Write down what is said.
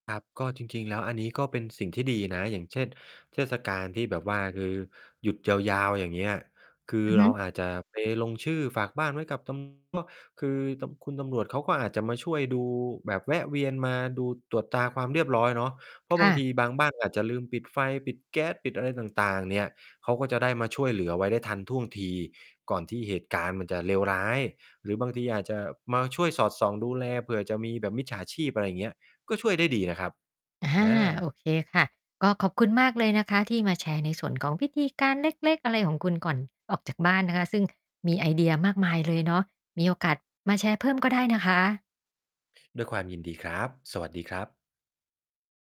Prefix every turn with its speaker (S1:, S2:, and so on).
S1: ครับ ก็จริง ๆ แล้วอันนี้ก็เป็นสิ่งที่ดีนะ อย่างเช่น เทศกาลที่แบบว่า คือหยุดยาว ๆ อย่างเงี้ย คือ
S2: อือฮ
S1: เรา
S2: ึ
S1: อาจจะไปลงชื่อฝากบ้านไว้กับ ตำ มะ คือตำ ตุณตำรวจเขาก็อาจจะมาช่วยดู แบบแวะเวียนมาดู ตรวจตราความเรียบร้อยเนาะ เพรา
S2: ค
S1: ะบ
S2: ่
S1: างท
S2: ะ
S1: ีบางบ้านอาจจะลืมปิดไฟ ปิดแก๊ส ปิดอะไรต่าง ๆ เนี่ย เขาก็จะได้มาช่วยเหลือไว้ได้ทันท่วงที ก่อนที่เหตุการณ์มันจะเลวร้าย หรือบางทีอาจจะมาช่วยสอดส่องดูแล เผื่อจะมีแบบมิจฉาชีพ อะไรอย่างเงี้ย ก็ช่วยได้ดีนะครับ
S2: อะฮ
S1: อ
S2: ะ
S1: า
S2: โอเคค่ะ ก็ขอบคุณมากเลยนะคะ ที่มาแชร์ในส่วนของวิธีการ เล็ก ๆ อะไรของคุณก่อนออกจากบ้านนะคะ ซึ่ง มีไอเดียมากมายเลยเนาะ มีโอกาสมาแชร์เพิ่มก็ได้นะคะ
S1: ด้วยความยินดีครับ สวัสดีครับ